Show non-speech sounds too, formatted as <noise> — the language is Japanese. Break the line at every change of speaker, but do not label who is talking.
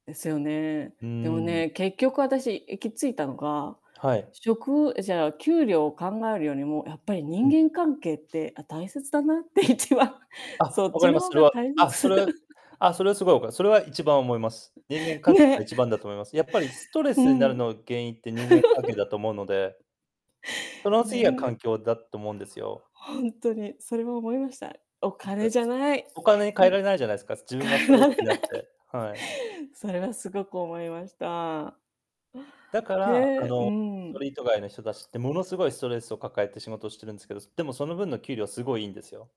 ですよね。
う
でも
ん。
ね、結局あたし行き着いたのが、
はい。
職をえ、じゃあ、給料を考えるよりも、やっぱり
う
人
ん。
間関係って、あ、大切だなって、一番、そ
あ、
っ
分か
ち
り
の
ます。
方
それ
が
は
大
あ、そ
切。
れはあ、それはすごい分かす。それは一番思います。人間関係が
ね。
一番だと思います。やっぱりストレ
<chuckles> ふ
スになる
ん。
の原因って人間関係だと思うので。
<laughs>
その
ね
次が
んね
環境だって思うんですよ。
ほんとにそれは思いました。お
いっぱ
金じゃない。
お金に代え
む
られないじゃないですか、す自分が
代え
ストレ
られ
スにな
な
っ
い。
てはい。
それはすごく思いました。
だか
へ
ら、あ
え、う
の、スト
ん。
リート街の人たちってものすごいストレスを抱えて仕事をしてるんすけど、でもその分の給料すごいいんですよ。